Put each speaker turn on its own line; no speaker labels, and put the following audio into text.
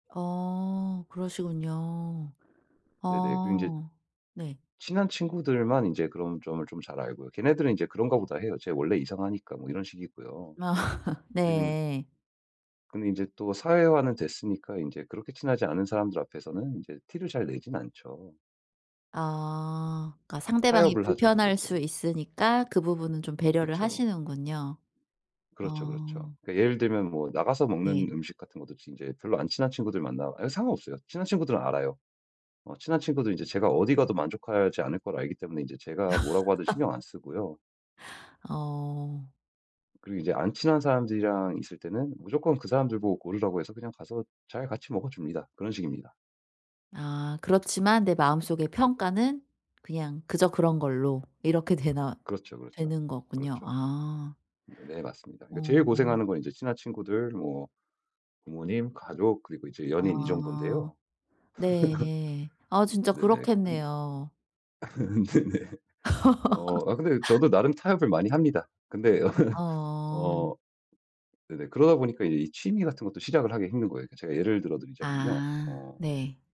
어 그러시군요.
네네 그리고 인제
아 네.
친한 친구들만 인제 그런 점을 좀 잘 알고요. 걔네들은 이제 그런가 보다 해요. "쟤 원래 이상하니까." 뭐 이런 식이고요.
아
그리고 인
네.
근데 이제 또 사회화는 됐으니까 인제 그렇게 친하지 않은 사람들 앞에서는 인제 티를 잘 내진 않죠.
아 그니까 상대방이
타협을 하죠 그럴
불편할 수
때는.
있으니까 그 부분은 좀 배려를
그쵸.
하시는군요.
그렇죠, 그렇죠.
아.
그 예를 들면 뭐 나가서 먹는
네.
음식 같은 것도 인제 별로 안 친한 친구들 만나 예 상관없어요. 친한 친구들은 알아요. 어 친한 친구들 인제 제가 어디가도 만족하지 않을 걸 알기 때문에 인제 제가 뭐라고 하든 신경 안 쓰고요.
어.
그리고 인제 안 친한 사람들이랑 있을 때는 무조건 그 사람들보고 고르라고 해서 그냥 가서 잘 같이 먹어줍니다. 그런 식입니다.
아 그렇지만 내 마음 속의 평가는 그냥 그저 그런 걸로 이렇게 되나
그렇죠, 그렇죠.
되는 거군요.
그렇죠.
아.
네 맞습니다. 그니깐 제일
어어.
고생하는 건 이제 친한 친구들, 뭐 부모님, 가족, 그리고 이제 연인 이
아
정돈인데요.
네. 아 진짜
네네. 근
그렇겠네요.
네네. 어 아 근데 저도 나름 타협을 많이 합니다. 근데
어.
어 네네 그러다 보니까 이 취미같은 것도 시작을 하기가 힘든 거에요. 그 제가 예를 들어 드리자면요.
아
어.
네.